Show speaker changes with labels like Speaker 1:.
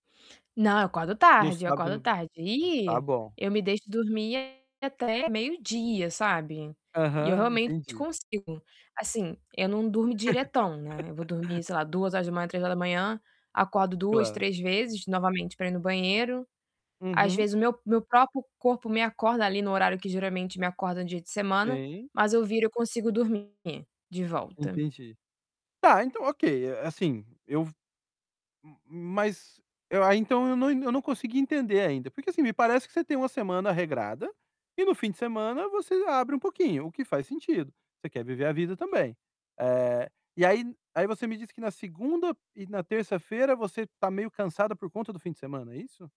Speaker 1: Não, eu acordo
Speaker 2: No
Speaker 1: tarde. Eu
Speaker 2: sábado, eu
Speaker 1: acordo
Speaker 2: não v
Speaker 1: tarde.
Speaker 2: Tá
Speaker 1: Ih,
Speaker 2: bom.
Speaker 1: eu me deixo dormir até meio-dia, sabe. E eu
Speaker 2: Aham,
Speaker 1: realmente
Speaker 2: entendi.
Speaker 1: consigo. Assim, eu não durmo diretão, né. Eu vou dormir, sei lá, 2h, 3h. Acordo 2,
Speaker 2: Claro.
Speaker 1: 3 vezes novamente pra ir no banheiro. Às
Speaker 2: Uhum.
Speaker 1: vezes, o meu meu próprio corpo me acorda ali no horário que geralmente me acorda no dia de semana.
Speaker 2: Sim.
Speaker 1: Mas eu viro, eu consigo dormir de volta.
Speaker 2: Entendi. Tá, então ok. Eh, assim, eu v m mas eu aí então eu não eu não consegui entender ainda. Porque assim, me parece que você tem uma semana regrada e no fim de semana você abre um pouquinho, o que faz sentido. Você quer viver a vida também. Eh, e aí aí você me diz que na segunda e na terça-feira você tá meio cansada por conta do fim de semana, é isso?